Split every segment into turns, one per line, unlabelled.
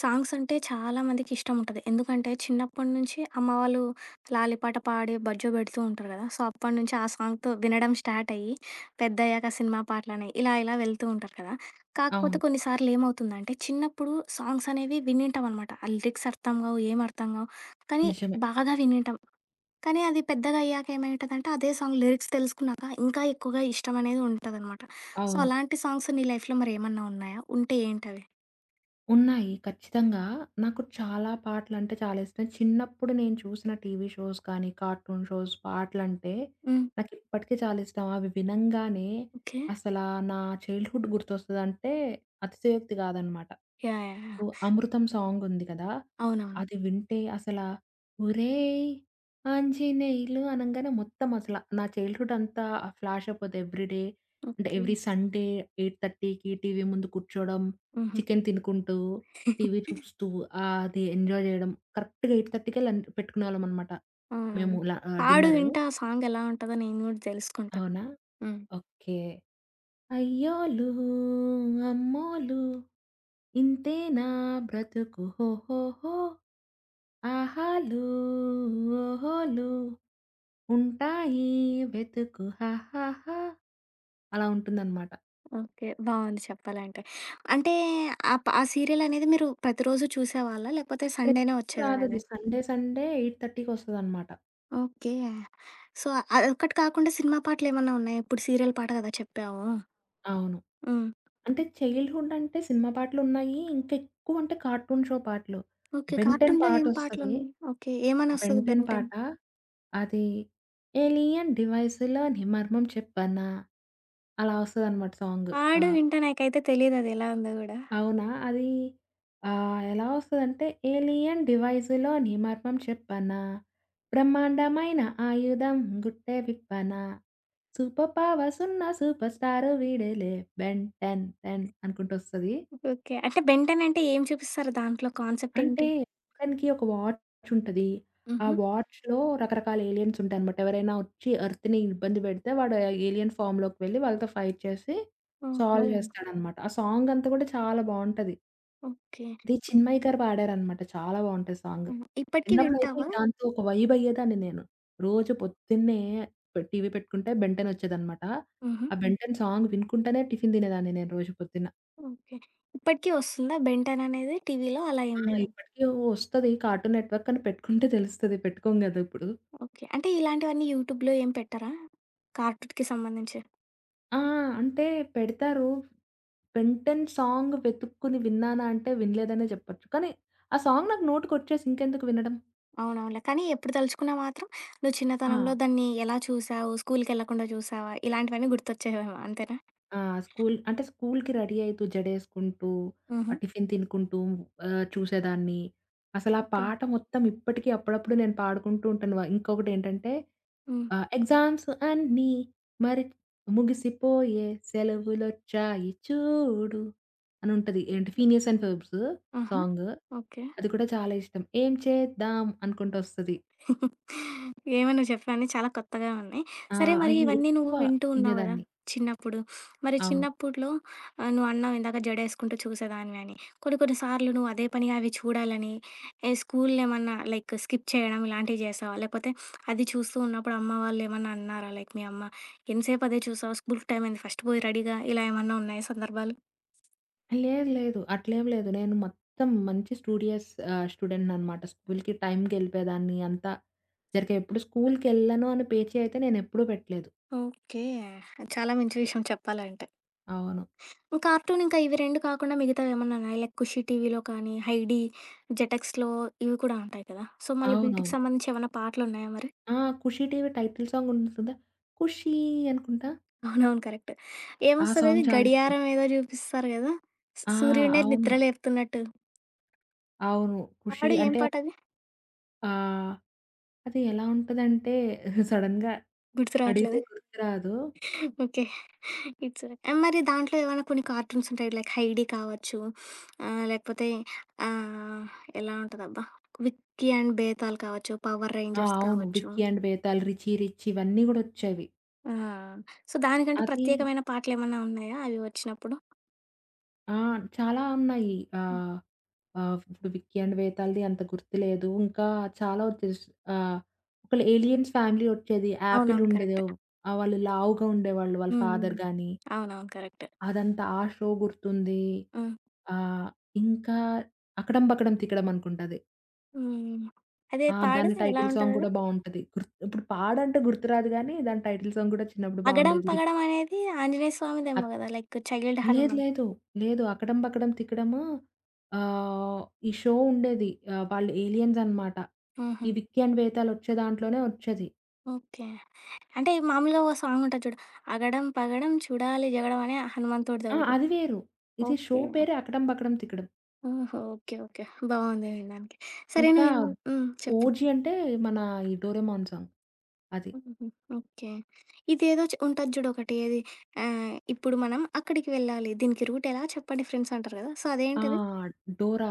Songs అంటే చాలామందికి ఇష్టం ఉంటది. ఎందుకంటే, చిన్నప్పటి నుంచి అమ్మ వాళ్ళు లాలి పాట పాడి బజ్జో పెడుతూ ఉంటారు కదా! సో, అప్పటి నుంచి ఆ సాంగ్‌తో వినడం స్టార్ట్ అయ్యి, పెద్దయ్యాక సినిమా పాటలని ఇలా ఇలా వెళ్తూ ఉంటారు కదా! కాకపోతే
అవును.
కొన్నిసార్లు ఏమవుతుందంటే, చిన్నప్పుడు సాంగ్స్ అనేవి విని ఉంటాం అనమాట. ఆ లిరిక్స్ అర్థంగావు, ఏమి అర్థంగావు కానీ
నిజమే.
బాగా వినింటాం. కానీ అది పెద్దగయ్యాక ఏమైంటదంటే, అదే సాంగ్ లిరిక్స్ తెలుసుకున్నాక ఇంకా ఎక్కువగా ఇష్టం అనేది ఉంటదనమాట. సో,
అవును.
అలాంటి సాంగ్స్ నీ లైఫ్‌లో మరి ఏమన్నా ఉన్నాయా? ఉంటే ఏంటవి?
ఉన్నాయి ఖచ్చితంగా. నాకు చాలా పాటలంటే చాలా ఇష్టం. చిన్నప్పుడు నేను చూసిన టీవీ షోస్ కానీ, కార్టూన్ షోస్ పాటలంటే.
హ్మ్.
నాకిప్పటికి చాలా ఇష్టం. అవి వినంగానే,
ఓకే.
అసలా నా చైల్డ్‌హుడ్ గుర్తొస్తదంటే అతిశయోక్తి గాదనమాట.
యాహ్! యాహ్!
So,
yeah!
'అమృతం' సాంగ్ ఉంది కదా!
అవునవును.
అది వింటే అసలా, ఒరేయ్! ఆంజినేెలు అనంగానే మొత్తం అసల. నా చైల్డ్‌హుడ్ అంతా ఫ్లాష్ అయిపోద్ది ఎవ్రీడే. అంటే
ఓకే.
ఎవ్రీ సండే 8:30కి టీవీ ముందు కూర్చోడం.
హుహు.
చికెను తినుకుంటూ, టీవీ చూస్తూ ఆహ్, అది ఎంజాయ్ జేయడం. కరెక్ట్‌గా 8:30 కెల్ల పెట్టుకునేవాళ్ళమనమాట.
ఆ!
మేము
పాడు.
లా ఆహ్,
పాడు
డిన్నరు.
వింట ఆ సాంగ్ ఎలా ఉంటదో నేను గూడా తెలుసుకుంటా.
అవునా?
హ్మ్.
ఓకే. అయ్యోలూ, అమ్మోలూ ఇంతేనా బ్రతుకు హో! హో! హో! ఆహాలూ, ఓహోలూ ఉంటాయి వెతుకు హా! హా! హా! అలా ఉంటుందనమాట.
ఓకే. బావుంది చెప్పాలంటే, అంటే ఆప్ ఆ సీరియల్ అనేది మీరు ప్రతిరోజు చూసేవాళ్ళా? లేకపోతే సండేనే
ప్రతిరోజు
వచ్చేదా
రాదది.
అది?
సండే, సండే 8:30కి వస్తదనమాట.
ఓకే. సో, అదొకక్కటి కాకుండా సినిమా పాటలు ఏమన్నా ఉన్నాయా? ఇప్పుడు సీరియల్ పాట కదా! చెప్పావు?
అవును.
హ్మ్.
అంటే చైల్డ్‌హుడ్ అంటే సినిమా పాటలు ఉన్నాయి. ఇంక ఎక్కువ అంటే కార్టూన్ షో పాటలు.
ఓకే.
బెంటెన్
కార్టూన్‌లో ఏం పాటలు
పాటోస్తది.
ఉన్నా ఓకే. ఏమని వస్తది
బెంటెన్
బెన్ టెన్?
పాట. అదీ, ఎలియన్ డివైస్‌లోనీ మర్మం చెప్పనా? అలా వస్తదనమాట సాంగ్.
ఆడియో
ఆ!
వింటే నాకైతే తెలీదది ఎలా ఉందో కూడా.
అవునా? అది ఆహ్, ఎలా వస్తదంటే ఏలియన్ డివైజులోని మర్మం చెప్పనా? బ్రహ్మాండమైన ఆయుధం గుట్టే విప్పనా. సూపర్ పవర్స్‌సున్న సుపర్ స్టారు వీడేలే, బెన్ టెన్ టెన్ అనుకుంటూ వస్తది.
ఓకే. అంటే బెన్ టెన్ అంటే ఏం చూపిస్తారు? దాంట్లో కాన్సెప్ట్
అంటే,
ఏంటి?
అతనికి ఒక వాచ్ ఉంటది. ఆ
హుహు.
వాచ్‌లో రకరకాల ఏలియన్స్ ఉంటాయనమాట. ఎవరైనా వచ్చి ఎర్త్‌ని ఇబ్బంది పెడితే, వాడు ఏలియన్ ఫమ్‌లోకి వెళ్ళి, వాళ్ళతో ఫైట్ చేసి,
ఓహో!
సాల్వ్ [unintelligible] చేస్తాడనమాట. ఆ సాంగ్ అంతా కూడా చాలా బావుంటది.
ఓకే.
ఇది చిన్మయ గారు పాడారనమాట చాలా బావుంటది సాంగు.
హుహు ఇప్పటికి
చిన్నప్పుడైతే
వింటావా?
దాంతో ఒక వైబయ్యేదాన్ని నేను. రోజు పొద్దున్నే పె టీవీ పెట్టుకుంటే బెంటెనొచ్చేదనమాట.
హుహు.
ఆ బెన్ టెన్ సాంగ్ వినుకుంటనే టిఫిన్ దినేదాన్ని నేను రోజు పొద్దున్న.
ఓకే. ఇప్పటికి ఒస్తుందా? 'బెన్ టెన్' అనేది టీవీలో అలా
ఆ!
ఏం లేదా?
ఇప్పటికి ఒస్తది. కార్టూన్ నెట్‌వర్క్ అని పెట్టుకుంటే తెలుస్తది పెట్టుకోం గదా! ఇప్పుడు.
ఓకే. అంటే, ఇలాంటివన్నీ యూట్యూబ్‌లో ఏం పెట్టరా? కార్టూట్‌కి సంబంధించి.
ఆ! అంటే, పెడతారు. 'బెన్ టెన్' సాంగ్ వెతుక్కొని విన్నానా అంటే వినలేదనే జెప్పొచ్చు. కానీ, ఆ సాంగ్ నాకు నోటికొచ్చేసి ఇంకెందుకు వినడం?
అవునవునులే. కానీ, ఎప్పుడు తలుచుకున్నా మాత్రం నువ్వు చిన్నతనంలో
ఆ!
దాన్ని ఎలా జూసావు, స్కూలుకెళ్ళకుండా జూసావా, ఇలాంటివన్నీ గుర్తొచ్చేవేమో అంతేనా?
ఆ! స్కూలు అంటే, స్కూలు‌కి రెడీ అయితూ జడేసుకుంటూ, ఆ
హుహు.
టిఫిన్ తినుకుంటూ ఆహ్, చూసేదాన్ని. అసలా ఆ
ఓకే.
పాట మొత్తం ఇప్పటికి అప్పుడప్పుడు నేను పాడుకుంటూ ఉంటాను వా ఇంకొకటి ఏంటంటే,
హ్మ్.
ఆ ఎగ్జామ్స్ అన్ని మరి ముగిసిపోయే సెలవులొచ్చాయి చూడు అను ఉంటది. ఏంటి 'ఫీనీర్స్ అండ్ ఫోర్బ్స్'
ఆహా!
సాంగు.
ఓకే.
అది కూడా చాలా ఇష్టం. ఏం చేద్దం అనుకుంటూ ఒస్తది.
ఏమో నువ్వు చెప్తే అన్నీ చాలా కొత్తగా ఉన్నాయి.
ఆ!
సరే మరి
అయి
ఇవన్నీ నువ్వు
ఎక్కువ
వింటూ ఉన్నావు గదా!
ఇనేదాన్ని.
చిన్నప్పుడు. మరి
అవును.
చిన్నప్పుడు‌లో ఆహ్, నువ్వాన్నావు ఇందాక జడేసుకుంటూ చూసేదానివి అని. కొన్ని కొన్ని సార్లు నువ్వు అదే పనిగా అవి చూడాలని, ఏ స్కూలు‌ను ఏమన్నా లైక్ స్కిప్ చేయడం ఇలాంటివి జేసావా? లేపోతే, అది చూస్తూ ఉన్నప్పుడు అమ్మ వాళ్ళు ఏమన్నా అన్నారా? లైక్ మీ అమ్మ ఎంసేపు అదే చూసావు స్కూలు‌కి టైం అయింది ఫస్ట్ పోయి రెడీగా ఇలా ఏమన్నా ఉన్నాయా సందర్భాలు?
లేదు. లేదు. అట్లేం లేదు. నేను మొత్తం మంచి స్టూడియస్ ఆహ్, స్టూడెంటనమాట. స్కూలుకి టైంకెళ్లిపోయేదాన్ని. అంతా. ఏరికె ఇప్పుడు స్కూలుకేళ్ళను అని పేచీ అయితే, నేను ఎప్పుడూ పెట్టలేదు.
ఓకే. చాలా మంచి విషయం చెప్పాలంటే.
అవును.
కార్టూన్ ఇంకా, ఇవి 2 కాకుండా మిగతావేమన్నా ఉన్నాయా? లైక్ 'ఖుషీ టీవీలో' కానీ, 'హైడీ', 'జెటెక్స్‌లో' ఇవి కూడా ఉంటాయి కదా! సో, మళ్ళీ వీటికి
అవునవును.
సంబంధించి ఏవన్నా పాటలున్నాయా మరి?
ఆ! 'ఖుషీటీవి' టైటిల్ సాంగుంటుంది కదా! ఖుషీ అనుకుంటా?
అవునవును. కరెక్ట్.
ఆ! సాంగ్
ఏమొస్తదది,
చాలిష్టం.
గడియారం ఏదో జూపిస్తారు గదా! సు
ఆ!
సూర్యున్నే నిద్ర
అవును.
లేపుతున్నట్టు.
అవును. ఖుషి
పాడు ఏం
అంటే
పాటది?
ఆ! అది ఎలా ఉంటదంటే, సడెన్‌గా
గుర్తు
అడిగితే
రాట్లేదా.
గుర్తు రాదు.
ఓకే. It's okay. మరి దాంట్లో ఏవైనా కొన్ని కార్టూన్సుంటాయి. లైక్ 'హైడీ' కావచ్చు. ఆహ్, లేకపోతే ఆహ్, ఎలా ఉంటదబ్బా! 'విక్కీ అండ్ బేతాళ్' కావచ్చు, 'పవర్
ఆ!
రేంజర్స్'
అవును
కావచ్చు.
'Vicky and Betaal', 'Richie Rich' ఇవన్నీ గూడోచ్చేవి.
ఆ! సో, దానికంటూ
అది
ప్రత్యేకమైన పాటలేమన్నా ఉన్నాయా, అవి వచ్చినప్పుడు?
ఆ! చాలా ఉన్నాయి.
హ్మ్.
ఆహ్, ఆహ్, ఇప్పుడు 'విక్కి అండ్ బేతాళ్‌ది' అంత గుర్తు లేదు. ఇంకా చాలా వోచెస్ ఆ! ఒకళ్ళ ఏలియన్స్ ఫ్యామిలీ ఒచ్చేది.
అవునవును.
యాపిలుండేదో
కరెక్ట్.
ఆహ్, వాళ్ళు లావుగా ఉండేవాళ్ళు. వాళ్ళ
హ్మ్. హ్మ్.
ఫాదర్ గాని.
అవునవును. కరెక్ట్.
అదంతా. ఆ షో గుర్తుంది.
హ్మ్.
ఆహ్, ఇంకా 'అకడం బకడం తికడం' అనుకుంటది.
హ్మ్. అదే,
ఆ!
పాడు
దాని
ఎలా
టైటిల్ సాంగ్
ఉంటదది?
కూడా బావుంటది. గుర్త్ ఇప్పుడు పాడంటే, గుర్తురాదు గానీ, దాని టైటిల్ సాంగ్ కూడా చిన్నప్పుడు
పగడం,
బావుండేది. రిచ్
పగడం అనేది ఆంజనేయ
అ
స్వామిదేమో కదా! లైక్ చైల్డ్
లేదు,
హనమాన్.
లేదు. లేదు. 'అకడం, బకడం, తికడము' ఆహ్, ఈ షో ఉండేది. ఆహ్, వాళ్ళు ఏలియన్సనమాట. ఈ
హుహు.
'విక్యాన్ వేతాలు' ఒచ్చే దాంట్లోనే ఒచ్చేది.
ఓకే. అంటే, మామూలుగా ఓ సాంగుంటది చూడు. అగడం పగడం, చూడాలి జగడం అనే
ఆ!
హనుమంతుడుదోకటి.
అది వేరు. ఇది షో
ఓకే.
పేరే 'అకడం బకడం తికడం'.
ఓహో! ఓకే. ఓకే. బావుంది వినడానికి. సరే,
ఇంకా,
నీవు హ్మ్. చెప్పు.
ఓజీ అంటే, మన ఈ 'డోరేమాన్' సాంగ్. అది.
హుహు. ఓకే. ఇదేదో చ ఉంటది జూడొకటి. ఏది ఆహ్, ఇప్పుడు మనం అక్కడికి వెళ్ళాలి. దీనికి రూట్ ఎలా చెప్పండి ఫ్రెండ్సంటారు కదా! సో,
ఆ!
అదేంటది?
Dora.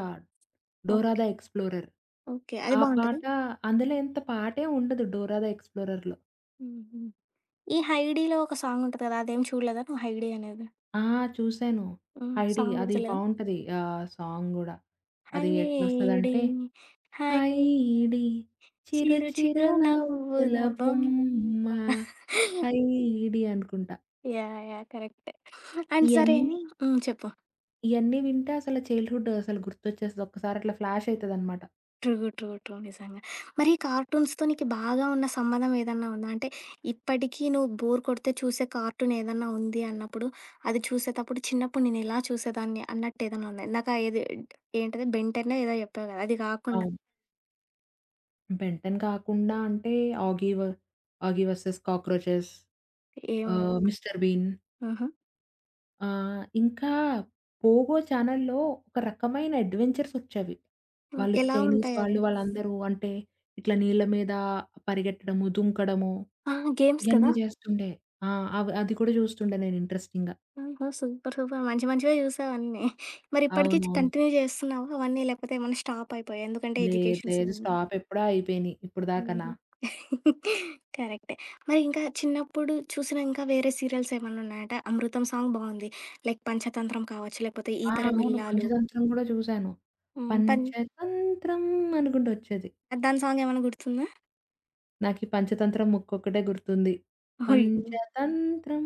'Dora
okay.
The explorer'.
Okay. అది
ఆ
బావుంటద?
పాట అందులో ఇంత పాటేం ఉండదు 'డోరా దా ఎక్స్‌ప్లోరర్‌లో'.
హుహు. ఈ 'హైడీలో' ఒక సాంగుంటది కదా! అదేమి చూడలేదా నువ్వు 'హైడీ' అనేది?
ఆ! చూసాను.
హ్మ్.
'హైడి'
సాంగ్
అది
గుర్తులేదా?
బావుంటది. ఆ సాంగ్ గూడా. అది
హైడి.
ఎట్లొస్తదంటే,
హై
హైడి. చిరు
చిరు
చిరు
చిరు
నవ్వుల
నవ్వులా బొమ్మా
బొమ్మా. హైడి అనుకుంటా.
యాహ్! యాహ్! కరెక్ట్. అండ్ సరే
ఇయన్నీ...
హ్మ్. చెప్పు.
ఇయన్నీ వింటే, అసలు చైల్డ్‌హుడ్ అసలు గుర్తొచ్చేస్తది. ఒక్కసారి అట్లా ఫ్లాషయితదనమాట.
ట్రు, ట్రు, ట్రు నిజంగా. మరి కార్టూన్స్‌తొ నీకు బాగా ఉన్న సంబంధం ఏదన్నా ఉందా? అంటే, ఇప్పటికి నువ్వు బోర్ కొడితే చూసే కార్టూన్ ఏదన్నా ఉంది అన్నప్పుడు, అది చూసేటప్పుడు, చిన్నప్పుడు నేను ఎలా చూసేదాన్ని అన్నట్టు ఏదన్నా ఉంద? ఇందాక ఏది ఏంటది 'బెన్ టెన్నో' ఏదో చెప్పావు కదా! అది కాకుండా?
అవును. 'బెన్ టెన్' కాకుండా అంటే, ఆగీవ్ 'ఆగీ వర్సెస్ కాక్రోచెస్'. ఆహ్,
ఏమది?
'Mister Bean'.
హుహు.
ఆహ్, ఇంకా, 'పోగో' ఛానెల్లో, ఒక రకమైన అడ్వెంచర్స్ వచ్చేవి.
హ్మ్,
వాళ్ళు
ఎలా
చైనీస్
ఉంటాయవి?
వాళ్ళు, వాళ్ళందరూ అంటే, ఇట్లా నీళ్ళ మీద పరిగెట్టడము, దుంకడము.
ఆ! గేమ్స్
ఇయన్నీ
కదా!
చేస్తుండే. ఆ! అవి, అది కూడా చూస్తుండే నేను ఇంట్రెస్టింగ్‌గా.
ఓహో! Super, super. మంచి మంచివే చూసావన్నీ. మరి ఇప్పటికి
అవునవును.
కంటిన్యూ చేస్తున్నావా అవన్నీ? లేకపోతే ఏమన్నా స్టాప్ అయిపోయా. ఎందుకంటే
లేదు,
ఎడ్యుకేషన్స్
లేదు.
ఇవన్నీ.
స్టాప్ ఎప్పుడో అయిపోయినియి, ఇప్పటిదాకాన.
హుహు, కరెక్టే. మరి ఇంకా చిన్నప్పుడు చూసిన ఇంకా వేరే సీరియల్స్ ఏమన్నా ఉన్నాయట 'అమృతం' సాంగ్ బావుంది. లైక్ 'పంచతంత్రం' కావచ్చు, లేకపోతే
ఆ!
'ఈతరం
అవును,
ఇల్లాలు'.
పంచతంత్రం కూడా చూశాను.
హ్మ్. పన్
పంచతంత్రం అనుకుంటొచ్చేది.
దాని సాంగ్ ఏమన్నా గుర్తుందా?
నాకి 'పంచతంత్రం' ముక్కొక్కటే గుర్తుంది.
అయ్యో!
పంచతంత్రం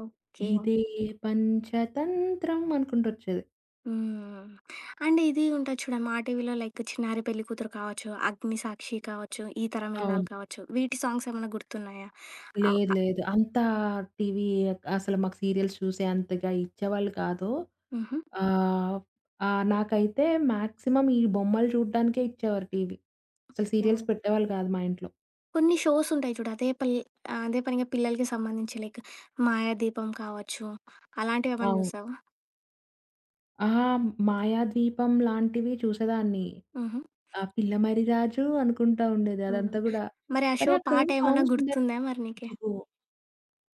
ఓకే.
ఇదే పంచతంత్రం అనుకుంటొచ్చేది.
హ్మ్. అండ్ ఇది ఉంటది చూడా మాటీవీలో లైక్ 'చిన్నారి పెళ్ళికూతురు' కావచ్చు, 'అగ్నిసాక్షి' కావచ్చు, 'ఈతరం ఇల్లాలు'
అవును.
కావచ్చు వీటి సాంగ్సేమన్నా గుర్తున్నాయా? అవ్
లేదు.
అ
లేదు. అంతా టీవీ క్ అసలు మాకు సీరియల్స్ చూసేంతగా ఇచ్చేవాళ్ళు కాదు.
హుహు.
ఆహ్, ఆహ్, నాకైతే మాక్సిమం ఈ బొమ్మలు చూడ్డానికే ఇచ్చేవారు టీవీ. అసలు
ఎన్
సీరియల్స్ పెట్టేవాళ్ళు కాదు మా ఇంట్లో.
కొన్ని షోసుంటాయి చూడు. అదే పల్ ఆహ్, అదే పనిగా పిల్లలకి సంబంధించి లైక్ 'మాయాదీపం' కావచ్చు. అలాంటివేమన్నా
అవు.
జూసావా?
ఆ! 'మాయాద్వీపం' లాంటివి చూసేదాన్ని.
హుహు.
ఆహ్, పిల్ల మర్రిరాజు అనుకుంటా ఉండేది
హ్మ్.
అదంతా గూడా.
మరి ఆ
అరే,
షో
అక్కడ
పాట
ఏం
ఏమన్నా
సాంగ్స్ ఉండేవి
గుర్తుందా మరి నీకి?
ఇదిగో,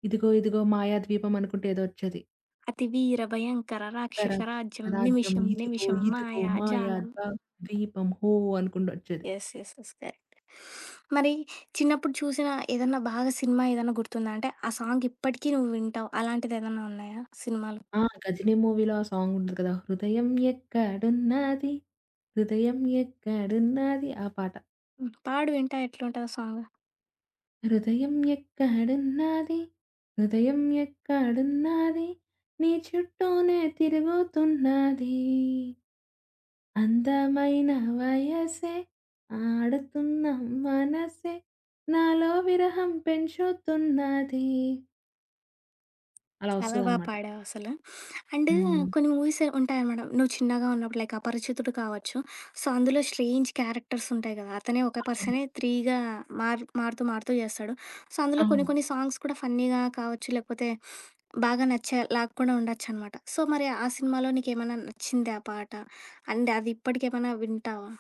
ఇదిగో, ఇదిగో మాయాద్వీపం అనుకుంటే ఏదోచ్చేది.
అతివీర భయంకర,
తర
రాక్షస రాజ్యం
తన రాజ్యం
నిమిషం,
ఇదుగో
నిమిషం
ఇదుగో
మాయా
మాయా
జాలం.
జా ద్వీపం హో! అనుకుంటొచ్చేది.
యస్. యస్. యస్ కరెక్ట్ మరి చిన్నప్పుడు చూసిన, ఏదన్నా బాగా సినిమా ఏదన్నా గుర్తుదాంటే ఆ సాంగ్ ఇప్పటికీ నువ్వు వింటావు, అలాంటిది ఏదన్నా ఉన్నాయా సినిమాలు?
ఆహ్! 'గజినీ' మూవీలో ఆ సాంగ్ ఉంది కదా! హృదయం ఎక్కడున్నది, హృదయం ఎక్కడున్నది ఆ పాట.
హ్మ్. పాడు వింటా, ఎట్లుంటదా సాంగ్?
హృదయం ఎక్కడున్నది. హృదయం ఎక్కడున్నది. నీ చుట్టూనే తిరుగుతున్నది. అందమైన వయసే, ఆడతున్న మనసే నాలో విరహం పెంచుతున్నది. అలా
చాల బాగా
ఒస్తదనమాట.
పాడావసలు. అండ్
హ్మ్.
కొన్ని మూవీస్ ఉంటాయనమాట. నువ్వు చిన్నగా ఉన్నప్పుడు లైక్ 'అపరిచితుడు' కావచ్చు. సో, అందులో స్ట్రేంజ్ క్యారెక్టర్స్ ఉంటాయి కదా! అతనే ఒక
అవును.
పర్సనే త్రీగా మారు మారుతూ మారుతూ చేస్తాడు. సో, అందులో కొన్ని
అవును.
కొన్ని సాంగ్స్ కూడా ఫన్నీగా కావచ్చు, లేకపోతే బాగా నచ్చే లాకుండా ఉండొచ్చనమాట. సో, మరి ఆ సినిమాలో నీకేమన్నా నచ్చిందా ఆ పాట అండ్ అదిప్పటికేమన్నా వింటావా?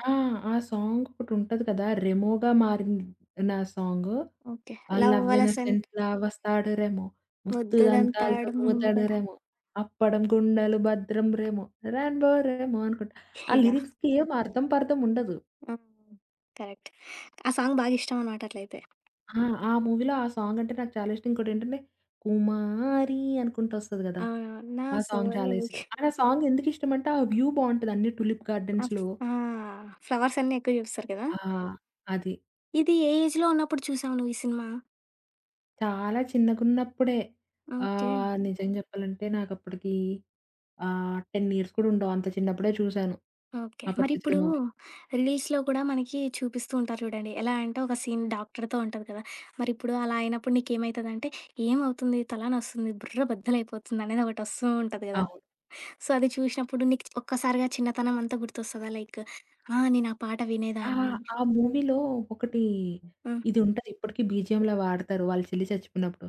ఆ! ఆ సాంగ్ ఒకటి ఉంటది కదా! రెమోగా మారింది నా సాంగు.
ఓకే.
ఆ!
లవ్
లవ్
వలసన్
ఎలిఫెంట్ల వస్తాడు రేమో. ముద్దు దంతాలతో
'ముద్దుదంతాడు
గుమ్ముతాడు
ముందుదడ'.
రేమో. అప్పడం గుండలు, భద్రం రెమో రాంబో రేమో అనుకుంటా. ఆ
యహ్!
లిరిక్స్‌కి ఏం అర్థం పర్థం ఉండదు.
హ్మ్. కరెక్ట్. ఆ సాంగ్ బాగిష్టం అన్నమాటట్లయితే.
ఆ! ఆ మూవీలో ఆ సాంగ్ అంటే నాకు చాలా ఇష్టం. ఇంకోటేంటంటే, 'కుమారి' అనుకుంటూ వస్తది కదా!
అవునవును. నా
ఆ సాంగ్ చాలా
సోయబిక్
ఇష్టం. అండ్ ఆ సాంగ్ ఎందుకిష్టమంటే ఆ వ్యూ బావుంటది అన్నీ టులిప్
ఆ!
గార్డెన్స్‌లో.
ఆ! ఫ్లవర్స్ అన్నీ ఎక్కువ చూపిస్తారు కదా!
ఆ! అది.
ఇది ఏ ఏజ్‌లో ఉన్నప్పుడు చూసావు నువ్వు ఈ సినిమా?
చాలా చిన్నగున్నప్పుడే.
ఓకే.
ఆహ్, నిజం చెప్పాలంటే నాకుప్పటికి ఆహ్, 10 ఇయర్స్ కూడా ఉండవు. అంత చిన్నప్పుడే చూసాను.
ఓకే. మరిప్పుడు
'అపరిచితుడు' మూవీ.
రిలీజ్‌లో కూడా మనకి చూపిస్తూ ఉంటారు చూడండి. ఎలా అంటే ఒక సీన్ డాక్టరుతో ఉంటది కదా! మరి ఇప్పుడు అలా అయినప్పుడు నీకేమైతదంటే ఏమవుతుంది? తలానొస్తుంది? బుర్రబద్ధల అయిపోతుంది అనేది ఒకటి వస్తూ ఉంటది కదా!
అవును.
సో, అది చూసినప్పుడు నీకు ఒక్కసారిగా చిన్నతనం అంతా గుర్తొస్తదా లైక్. ఆ! నేను ఆ పాట
ఆ!
వినేదాన్ని.
ఆ మూవీలో ఒకటి
హ్మ్.
ఇది ఉంటది ఇప్పటికి బీజీఎమ్‌లా వాడతారు. వాళ్ళు చెల్లి చచ్చిపోయినప్పుడు.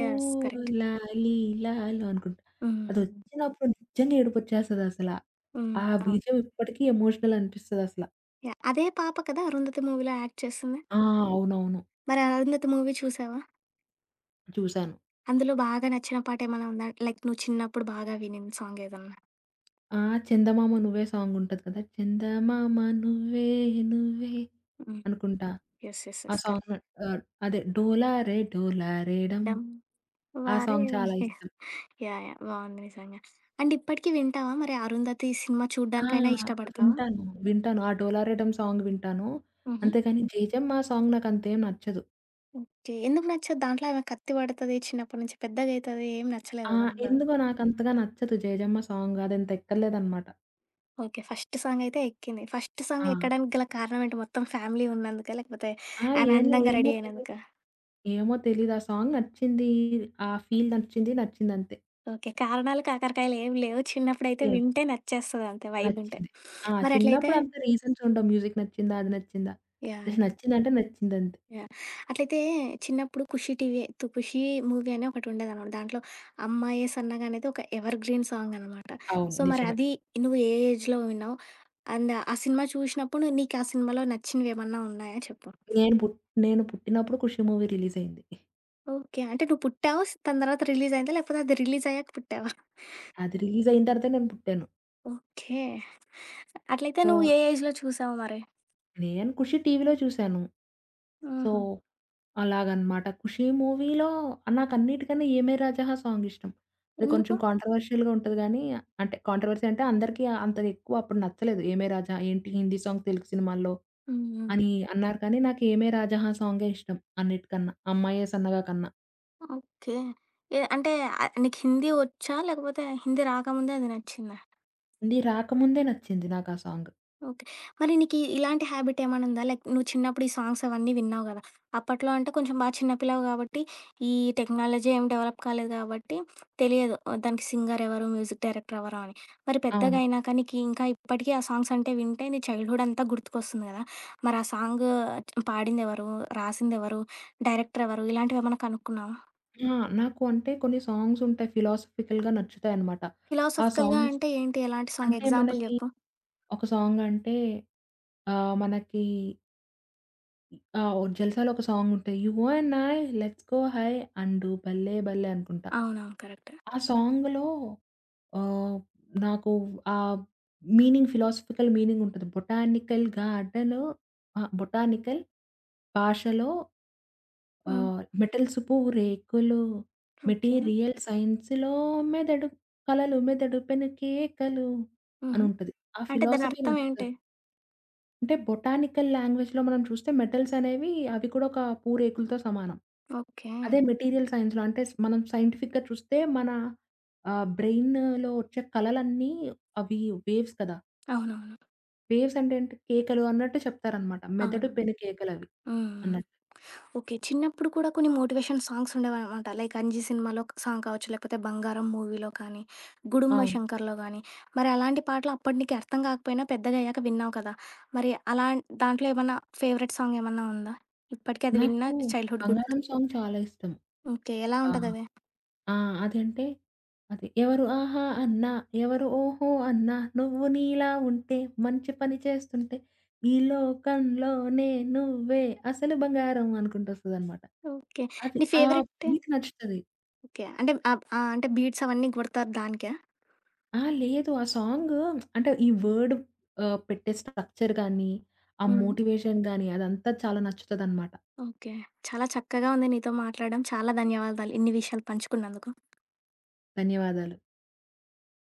యెస్. కరెక్ట్.
అనుకుంటా.
హుహు.
అదొచ్చినప్పుడు నిజంగా ఏడుపొచ్చేస్తది అసల.
హ్మ్.
ఆ
అవును.
బీజిఎమ్ ఇప్పటికి ఎమోషనల్ అనిపిస్తది అసల.
యాహ్! అదే పాప కదా! 'అరుంధతి' మూవీలో యాక్ట్ చేసింది?
ఆ! అవునవును.
మరి 'అరుధతి' మూవీ చూసావా?
చూసాను.
అందులో బాగా నచ్చిన పాట ఏమన్నా ఉందా? లైక్ నువ్వు చిన్నప్పుడు బాగా వినిన సాంగ్ ఏదన్నా?
ఆ! 'చందమామ నువ్వే' సాంగ్ ఉంటది కదా! చందమామ నువ్వే నువ్వే
హ్మ్.
అనుకుంటా.
యెస్. యెస్.
ఆ
యెస్. కరెక్ట్.
సాంగు ఆహ్, అదే డోలారే డోలారేడం.
'డమ్
ఆ సాంగ్ చాలా
వారేవండి.'
ఇష్టం.
యాహ్! యాహ్! బావుంది నిజంగా. అండ్ ఇప్పటికి వింటావా? మరి 'అరుధతి' ఈ సినిమా
ఆ!
చూడ్డానికైనా ఇష్టపడతావా?
వింటాను. వింటాను. ఆ 'డోలారెడమ్' సాంగ్ వింటాను.
హుహు.
అంతేగానీ 'జేజమ్మా' సాంగ్ నాకంతేం నచ్చదు.
ఓకే. ఎందుకు నచ్చదు? దాంట్లో ఏమ కత్తి పడతది, చిన్నప్పటి నుంచి పెద్దగైతది ఏమి
ఆ!
నచ్చలేదా దాంట్లో?
ఎందుకో నాకంతగా నచ్చదు 'జేజమ్మ' సాంగు. అదంత ఎక్కలేదనమాట.
ఓకే. ఫస్టు సాంగైతే ఎక్కింది. ఫస్టు
ఆ!
సాంగెక్కడానికి గల కారణం ఏంటి మొత్తం ఫ్యామిలీ ఉన్నందుకా? లేకపోతే,
ఆ!
ఆమె [unintelligible]
ఏంలే,
అందంగా
ఏమో
రెడీ
తెలీదు.
అయినందుకా?
ఏమో తెలీదు ఆ సాంగ్ నచ్చింది. ఆ ఫీల్ నచ్చింది, నచ్చిందంతే.
ఓకే. కారణాలు, కాకరకాయలేమి లేవు, చిన్నప్పుడైతే
లేవు.
వింటే నచ్చేస్తదంతే వైబుంటే.
నచ్చింది. ఆ!
మరట్లయితే
చిన్నప్పుడంతా రీజన్స్ ఉండవు. మ్యూజిక్ నచ్చిందా? అది నచ్చిందా?
యాహ్! యాహ్!
నచ్చిందంటే నచ్చిందంతే.
యాహ్! అట్లయితే చిన్నప్పుడు ఖుషి టీవీ తు 'ఖుషి' మూవీ అని ఒకటుండేదనమాట, దాంట్లో 'అమ్మయే సన్నగ' అనేది ఒక ఎవర్ గ్రీన్ సాంగనమాట.
అవును.
సో,
నిజమే.
మరది నువ్వు ఏ ఏజ్‌లో విన్నావు? అండ్ ఆ సినిమా చూసినప్పుడు, నీకు ఆ సినిమాలో నచ్చినవేమన్నా ఉన్నాయా చెప్పు?
నేను పుట్ నేను పుట్టినప్పుడు 'ఖుషీ' మూవీ రిలీజయింది.
ఓకే. అంటే నువ్వు పుట్టావు, దాని తర్వాత రిలీజయిందా? లేకపోతే అది రిలీజయ్యాక పుట్టావా?
అది రిలీజైన తర్వాతే నేను పుట్టాను.
ఓకే. అట్లయితే
సో
నువ్వు ఏ ఏజ్‌‌లో చూసావు మరి?
నేను 'ఖుషి' టీవీలో చూసాను. సో,
హుహు.
అలాగనమాట. 'ఖుషీ' మూవీలో నాకన్నిటికన్నా 'ఏమే రాజాహా' సాంగిష్టం. అది కొంచెం
ఎందుకు?
కాంట్రవర్షియల్‌గా ఉంటది కానీ, అంటే కాంట్రవర్సి అంటే అందరికీ అంత ఎక్కువ అప్పుడు నచ్చలేదు. 'ఏమే రాజా' ఏంటి, హిందీ సాంగ్ తెలుగు సినిమాల్లో
హ్మ్, హ్మ్.
అని అన్నారు కానీ, నాకు 'ఏమే రాజహా' సాంగే ఇష్టం అన్నిటికన్నా. 'అమ్మాయ్యే సన్నగా' కన్నా.
ఓకే. ఏ అంటే అ నీకు హిందీ ఒచ్చా? లేకపోతే హిందీ రాకముందే అది నచ్చిందా?
హిందీ రాకముందే నచ్చింది నాకా సాంగ్.
ఓకే. మరి నీకీ ఇలాంటి హాబిట్ ఏమన్నా ఉందా? లైక్ నువ్వు చిన్నప్పుడు ఈ సాంగ్స్ అవన్నీ విన్నావు కదా! అప్పట్లో అంటే కొంచెం బాగా చిన్న పిల్లవు కాబట్టి ఈ టెక్నాలజీ ఏమి డెవలప్ కాలేదు కాబట్టి తెలియదు. ఆహ్, దానికి సింగర్ ఎవరు, మ్యూజిక్ డైరెక్టర్ ఎవరు అని. మరి పెద్దగా
అవును.
అయినాక నీకి ఇంకా ఇప్పటికీ ఆ సాంగ్స్ అంటే వింటే నీ చైల్డ్‌హుడ్ అంతా గుర్తుకొస్తుంది కదా! మరి ఆ సాంగ్ పాడిందెవరు, రాసిందెవరు, డైరెక్టరెవరు? ఇలాంటివేమన్నా కనుక్కున్నావా?
ఆ! నాకు అంటే కొన్ని సాంగ్స్ ఉంటాయి, ఫిలాసఫికల్‌గా నచ్చుతాయిన్నమాట. ఆ
ఫిలాసఫికల్‌గా
సాంగ్స్
అంటే ఏంటి? ఎలాంటి సాంగ్?
అంటే
ఎగ్జాంపుల్
మనకి
చెప్పు?
ఒక సాంగ్ అంటే ఆహ్, మనకి ఆ! ఓ 'జల్సా'లో ఒక సాంగ్ ఉంటాయి. 'You and I, let's go high, and do భల్లే భల్లే' అనుకుంటా.
అవునవును. కరెక్ట్.
ఆ సాంగ్‌లో ఆహ్, నాకు ఆ మీనింగ్, ఫిలాసఫికల్ మీనింగ్ ఉంటది. బొటానికల్‌ గాడ్డలో అహా! బొటానికల్ భాషలో
హ్మ్.
ఆహ్, మెటల్సు పూరేకులు.
ఓకే.
మెటీరియల్ సైన్స్‌లో మెదడు కలలు మెదడు పెనుకేకలు'
హుహు.
అనుంటది. ఆ
అంటే
ఫిలాసఫీ
దానర్థం ఏంటి?
నచ్చుతది. అంటే బొటానికల్ లాంగ్వేజ్‌లో మనం చూస్తే మెటల్సనేవి అవి కూడోక పూరేకులతో సమానం.
ఓకే.
అదే మెటీరియల్ సైన్స్‌లో అంటే స్ మనం సైంటిఫిక్‌గా చూస్తే మన ఆహ్, బ్రెయినులో ఒచ్చే కలలన్నీ అవి వేవ్స్ కదా!
అవునవును.
వేవ్స్ అంటేంటి కేకలు అన్నట్టు చెప్తారనమాట. మెదడు
అవును.
పెను కేకలవి
హ్మ్. హ్మ్.
అన్నట్టు.
ఓకే. చిన్నప్పుడు కూడా కొన్ని మోటివేషన్ సాంగ్స్ ఉండేవానమాట. లైక్ 'అంజీ' సినిమాలో ఒక సాంగ్ కావచ్చు లేకపోతే 'బంగారం' మూవీలో కానీ, 'గుడుంబ
అవును.
శంకర్‌లో' గానీ, మరి అలాంటి పాటలు అప్పడు నీకీ అర్థం గాకపోయినా పెద్దగాయ్యాక విన్నావు కదా! మరి అలాంన్ దాంట్లో ఏమన్నా ఫేవరెట్ సాంగ్ ఏమన్నా ఉందా? ఇప్పటికది విన్న
నాకు
చైల్డ్‌ హూడ్ గుత్
'బంగారం' సాంగ్ చాలా ఇష్టం.
ఓకే. ఎలా
ఆహ్,
ఉంటదది?
ఆ! అదంటే, అది. ఎవరు ఆహా అన్నా, ఎవరు ఓహో! అన్నా, నువ్వు నీలా ఉంటే, మంచి పని చేస్తుంటే, ఈ లోకం లోనే నువ్వే అసలు బంగారం అనుకుంటొస్తదనమాట.
ఓకే.
అది.
నీ
ఆ
ఫేవరెటేం
బీట్ నచ్చుతది.
ఓకే. అంటే ఆహ్, ఆహ్, అంటే బీట్స్ అవన్నీ గొడతారు దానికా?
ఆ! లేదు. ఆ సాంగు అంటే ఈ వర్డ్ ఆహ్, పెట్టే స్ట్రక్చర్ గానీ ఆ
హ్మ్.
మోటివేషన్ గానీ అదంతా చాలా నచ్చుతదనమాట.
ఓకే. చాలా చక్కగా ఉంది నీతో మాట్లాడడం. చాలా ధన్యవాదాలు. ఇన్ని విషయాలు పంచుకున్నందుకు.
ధన్యవాదాలు.